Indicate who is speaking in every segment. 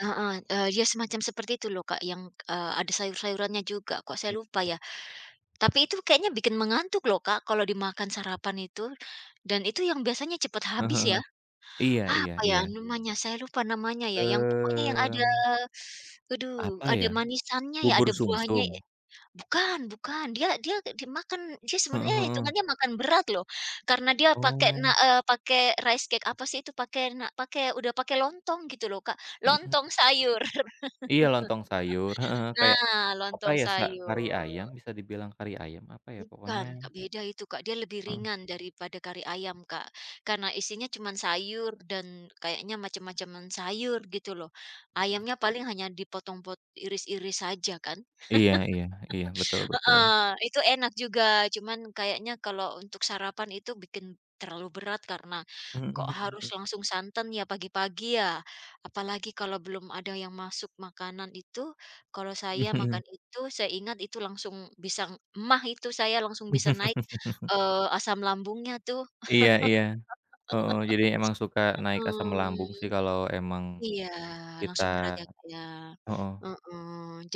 Speaker 1: Heeh, eee, ya semacam seperti itu loh, Kak. Yang, eee, ada sayur-sayurannya juga kok, saya
Speaker 2: E
Speaker 1: lupa ya. Tapi itu kayaknya bikin mengantuk loh Kak. Kalau dimakan sarapan itu dan itu yang biasanya cepat
Speaker 2: Eh
Speaker 1: habis ya,
Speaker 2: heeh. Iya iya
Speaker 1: apa ya
Speaker 2: iya.
Speaker 1: namanya saya lupa namanya ya, yang pokoknya, yang ada,
Speaker 2: Mmm.
Speaker 1: aduh
Speaker 2: Apa
Speaker 1: ada
Speaker 2: ya?
Speaker 1: manisannya ya.
Speaker 2: Bubur
Speaker 1: Ada buahnya ya.
Speaker 2: sumsum?
Speaker 1: Bukan bukan. Dia dia dimakan dia
Speaker 2: Heeh
Speaker 1: sebenarnya
Speaker 2: heeh.
Speaker 1: itungannya makan berat loh, karena dia pakai, na
Speaker 2: Oh.
Speaker 1: eee, pakai rice cake apa sih itu pakai, na udah pakai lontong gitu loh Kak.
Speaker 2: Mhm.
Speaker 1: Lontong sayur.
Speaker 2: Iya lontong sayur. Heeh, kayak
Speaker 1: Nah
Speaker 2: apa
Speaker 1: lontong
Speaker 2: ya se kari ayam
Speaker 1: sayur.
Speaker 2: bisa dibilang kari ayam apa ya pokoknya
Speaker 1: Bukan, Kak. Beda itu Kak. Dia lebih
Speaker 2: Mhm.
Speaker 1: ringan daripada kari ayam Kak. Karena isinya cuman sayur dan kayaknya macam-macam sayur, gitu loh.
Speaker 2: [unintelligible]
Speaker 1: Ayamnya paling hanya dipotong-pot iris-iris saja kan.
Speaker 2: Iya iya iya. Betul betul.
Speaker 1: Heeh. Itu enak juga. Cuma kayaknya kalau untuk sarapan itu bikin terlalu berat karena kok
Speaker 2: Mhm
Speaker 1: harus
Speaker 2: mhm.
Speaker 1: langsung santan ya pagi-pagi ya. Apalagi kalau belum ada yang masuk makanan itu, kalau saya
Speaker 2: Mhm.
Speaker 1: makan itu, saya ingat itu, langsung bisa maag itu, saya langsung bisa naik, eee, asam lambungnya tuh.
Speaker 2: Iya iya. Heeh. Jadi emang suka naik asam lambung sih
Speaker 1: Mhm.
Speaker 2: kalo emang
Speaker 1: Iya
Speaker 2: kita
Speaker 1: langsung berat ya Kak ya.
Speaker 2: heeh.
Speaker 1: Heeh.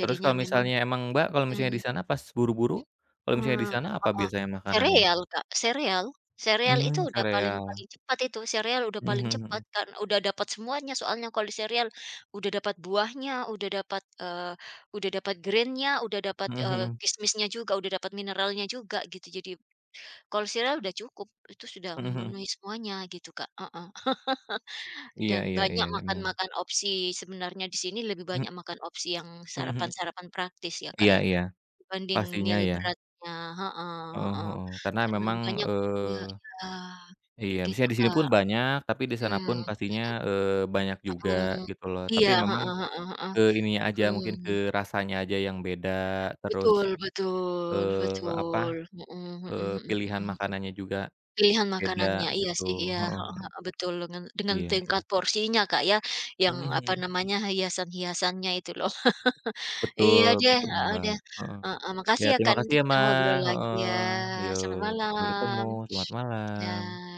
Speaker 2: Terus kalau
Speaker 1: memang
Speaker 2: misalnya, emang Mbak kalau misalnya
Speaker 1: mhm.
Speaker 2: di sana pas buru-buru, kalau misalnya di
Speaker 1: Mmm,
Speaker 2: sana apa
Speaker 1: Heeh.
Speaker 2: biasanya makanannya?
Speaker 1: Sereal Kak, sereal. Sereal itu
Speaker 2: Mmm,
Speaker 1: udah paling
Speaker 2: sereal.
Speaker 1: paling cepat itu. Sereal udah
Speaker 2: Mmm,
Speaker 1: paling
Speaker 2: mhm
Speaker 1: cepat,
Speaker 2: mhm.
Speaker 1: karena udah dapat semuanya soalnya kalau di sereal, udah dapat buahnya, udah dapat, eee, udah dapat grain-nya, udah dapat,
Speaker 2: Mhm
Speaker 1: eee,
Speaker 2: mhm.
Speaker 1: kismisnya juga, udah dapat mineralnya juga gitu, jadi, kalau sereal udah cukup, itu sudah
Speaker 2: Mhm mhm.
Speaker 1: memenuhi semuanya gitu Kak. Heeh.
Speaker 2: Iya
Speaker 1: Dan
Speaker 2: iya iya
Speaker 1: banyak
Speaker 2: emang.
Speaker 1: makan-makan opsi sebenarnya di sini lebih
Speaker 2: Mhm.
Speaker 1: banyak makan opsi yang
Speaker 2: Mhm mhm.
Speaker 1: sarapan-sarapan praktis ya Kak
Speaker 2: Iya
Speaker 1: ya,
Speaker 2: iya.
Speaker 1: dibanding
Speaker 2: Pastinya
Speaker 1: meal
Speaker 2: ya.
Speaker 1: beratnya. Heeh
Speaker 2: Heeh
Speaker 1: heeh.
Speaker 2: heeh. Karena
Speaker 1: Karena
Speaker 2: memang,
Speaker 1: banyak gitu ya
Speaker 2: eee
Speaker 1: iya.
Speaker 2: iya,
Speaker 1: Gitu
Speaker 2: misalnya di sini
Speaker 1: Kak.
Speaker 2: pun banyak, tapi di
Speaker 1: Mhm,
Speaker 2: sana pun
Speaker 1: mhm.
Speaker 2: pastinya, eee, banyak juga
Speaker 1: Mhm.
Speaker 2: gitu loh.
Speaker 1: Iya,
Speaker 2: Tapi memang
Speaker 1: heeh heeh heeh.
Speaker 2: ke ini nya aja mungkin, ke
Speaker 1: Mhm.
Speaker 2: rasanya aja yang beda terus,
Speaker 1: Betul betul,
Speaker 2: eee, apa,
Speaker 1: betul. Heeh heeh
Speaker 2: eee,
Speaker 1: heeh heeh
Speaker 2: pilihan
Speaker 1: heeh.
Speaker 2: makanannya juga
Speaker 1: Pilihan
Speaker 2: beda
Speaker 1: makanannya. Iya
Speaker 2: gitu.
Speaker 1: sih. Iya.
Speaker 2: Heeh.
Speaker 1: Heeh heeh, betul. Dengan dengan
Speaker 2: Iya iya.
Speaker 1: tingkat porsinya Kak ya, yang
Speaker 2: Mhm
Speaker 1: apa
Speaker 2: mhm.
Speaker 1: namanya, hiasan-hiasannya itu loh. Iya
Speaker 2: Betul
Speaker 1: deh,
Speaker 2: betul
Speaker 1: heeh
Speaker 2: Mbak.
Speaker 1: deh,
Speaker 2: Heeh.
Speaker 1: heeh makasih
Speaker 2: Ya
Speaker 1: ya kan,
Speaker 2: terima kasih
Speaker 1: nanti
Speaker 2: ya
Speaker 1: kita
Speaker 2: Mbak.
Speaker 1: ngobrol lagi
Speaker 2: Heeh.
Speaker 1: ya.
Speaker 2: Iya.
Speaker 1: Selamat
Speaker 2: Sampai ketemu.
Speaker 1: malam.
Speaker 2: Selamat malam.
Speaker 1: Ya.